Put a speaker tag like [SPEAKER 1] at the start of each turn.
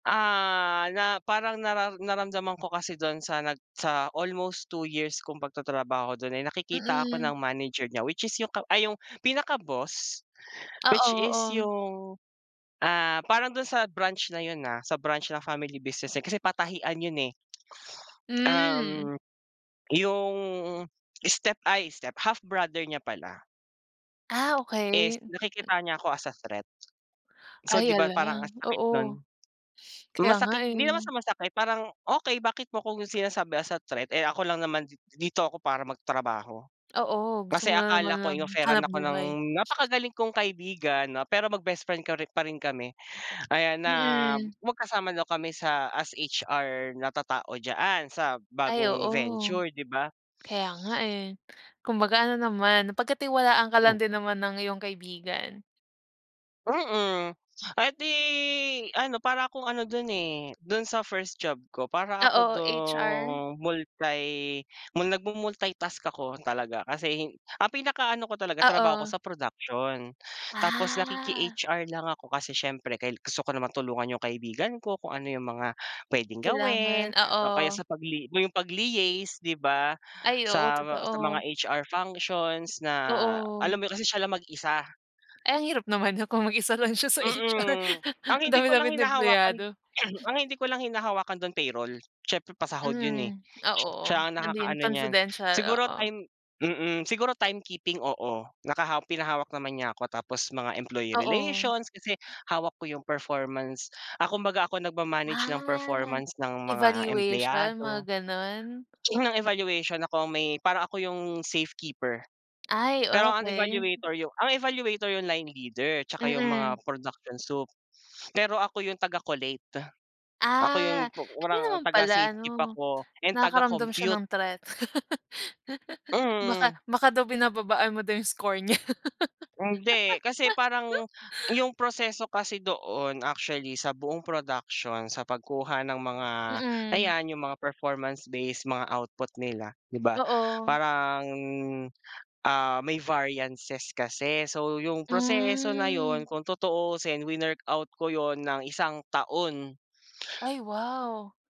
[SPEAKER 1] Ah, na parang nara naramdaman ko kasi dun sa nag sa almost 2 years kung pag-tatrabaho dun ay nakikita ako
[SPEAKER 2] Mm.
[SPEAKER 1] ng manager niya which is yung ka ay yung pinaka-boss.
[SPEAKER 2] Oo
[SPEAKER 1] Which is
[SPEAKER 2] oo.
[SPEAKER 1] yung, ah, parang dun sa branch na yun, ah, sa branch na family business eh kasi patahian yun eh.
[SPEAKER 2] Hmm.
[SPEAKER 1] Um, yung step ay step half brother niya pala.
[SPEAKER 2] Ah,
[SPEAKER 1] Is
[SPEAKER 2] okey.
[SPEAKER 1] nakikitaan niya ako as a threat. So
[SPEAKER 2] Ay
[SPEAKER 1] 'di ba
[SPEAKER 2] hala
[SPEAKER 1] parang ang sakit
[SPEAKER 2] oo,
[SPEAKER 1] nun?
[SPEAKER 2] kaya nga
[SPEAKER 1] Masakit,
[SPEAKER 2] eh.
[SPEAKER 1] hindi naman sa masakit parang, okey bakit mo akong sinasabi as a threat eh ako lang naman di dito ako para mag-trabaho.
[SPEAKER 2] Oo gusto
[SPEAKER 1] Kasi
[SPEAKER 2] mo lang
[SPEAKER 1] akala
[SPEAKER 2] naman
[SPEAKER 1] ko
[SPEAKER 2] ng
[SPEAKER 1] in-offeran ako ng
[SPEAKER 2] hanapbuhay.
[SPEAKER 1] napakagaling kong kaibigan 'no pero mag-bestfriend korin parin kami. Ayan na
[SPEAKER 2] Mm.
[SPEAKER 1] magkasama daw kami sa as HR na tatao diya-an sa
[SPEAKER 2] Ay
[SPEAKER 1] bagong
[SPEAKER 2] oo.
[SPEAKER 1] venture 'di ba?
[SPEAKER 2] Kaya nga eh, kumbaga ano naman, napagkatiwalaan ka lang
[SPEAKER 1] Hmm.
[SPEAKER 2] din naman ng iyong kaibigan.
[SPEAKER 1] Mm, ah, eh di ano para akong ano dun eh, dun sa first job ko, para ako
[SPEAKER 2] Oo, HR.
[SPEAKER 1] dun multi nagmu-multitask ako talaga. Kasi ang pinaka-ano ko talaga trabaho ko
[SPEAKER 2] Oo.
[SPEAKER 1] sa production, tapos
[SPEAKER 2] Ah.
[SPEAKER 1] nakiki-HR lang ako kasi syempre kayla gusto ko naman tulungan yung kaibigan ko, kung ano yung mga pwedeng
[SPEAKER 2] Kailangan,
[SPEAKER 1] gawin. O kaya sa
[SPEAKER 2] oo.
[SPEAKER 1] pagli mo yung pagli-yace 'di ba
[SPEAKER 2] Ay oo
[SPEAKER 1] sa, sa mga
[SPEAKER 2] totoo.
[SPEAKER 1] HR functions na alam
[SPEAKER 2] Oo.
[SPEAKER 1] mo yun kasi siya lang mag-isa.
[SPEAKER 2] Eh ang hirap naman nun kung mag-isa lang siya sa HR
[SPEAKER 1] Mm. Ang
[SPEAKER 2] ang
[SPEAKER 1] hindi ko lang
[SPEAKER 2] dami-daming
[SPEAKER 1] hinahawakan
[SPEAKER 2] empleyado.
[SPEAKER 1] ang hindi ko lang hinahawakan dun payroll. Siyempre pasahod yun eh,
[SPEAKER 2] Hmm, ah,
[SPEAKER 1] si
[SPEAKER 2] oo,
[SPEAKER 1] siya ang
[SPEAKER 2] naging
[SPEAKER 1] nakakaano niyan,
[SPEAKER 2] confidential
[SPEAKER 1] siguro
[SPEAKER 2] oo.
[SPEAKER 1] time mm siguro timekeeping oo, nakaha pinahawak naman niya ako tapos mga employee
[SPEAKER 2] Oo.
[SPEAKER 1] relations, kasi hawak ko yung performance, ah, kumbaga ako nagma-manage ng
[SPEAKER 2] Ah,
[SPEAKER 1] performance ng mga
[SPEAKER 2] evaluation, mga
[SPEAKER 1] empleyado,
[SPEAKER 2] ganun?
[SPEAKER 1] ng evaluation ako ang may, parang ako yung safekeeper.
[SPEAKER 2] Ay
[SPEAKER 1] Pero ang
[SPEAKER 2] okey.
[SPEAKER 1] evaluator yung ang evaluator yung line leader tsaka yung mga
[SPEAKER 2] Mm.
[SPEAKER 1] production soup, pero ako yung taga-collate, ako
[SPEAKER 2] Ah,
[SPEAKER 1] yung pi
[SPEAKER 2] kaya
[SPEAKER 1] parang
[SPEAKER 2] naman
[SPEAKER 1] taga
[SPEAKER 2] pala
[SPEAKER 1] safekeep
[SPEAKER 2] ano.
[SPEAKER 1] ako and
[SPEAKER 2] Nakakaramdam siya
[SPEAKER 1] taga-compute.
[SPEAKER 2] ng threat. Baka
[SPEAKER 1] Hmm.
[SPEAKER 2] baka daw binababaan mo daw yung score niya.
[SPEAKER 1] Hindi kasi parang, yung proseso kasi doon actually sa buong production, sa pagkuha ng mga
[SPEAKER 2] Mm.
[SPEAKER 1] ayan yung mga performance based, mga output nila 'di ba
[SPEAKER 2] Oo.
[SPEAKER 1] parang, ah, may variances kasi. So yung proseso na
[SPEAKER 2] Hmm.
[SPEAKER 1] yun, kung tutuusin winork-out ko yun ng 1 taon.
[SPEAKER 2] Ay wow.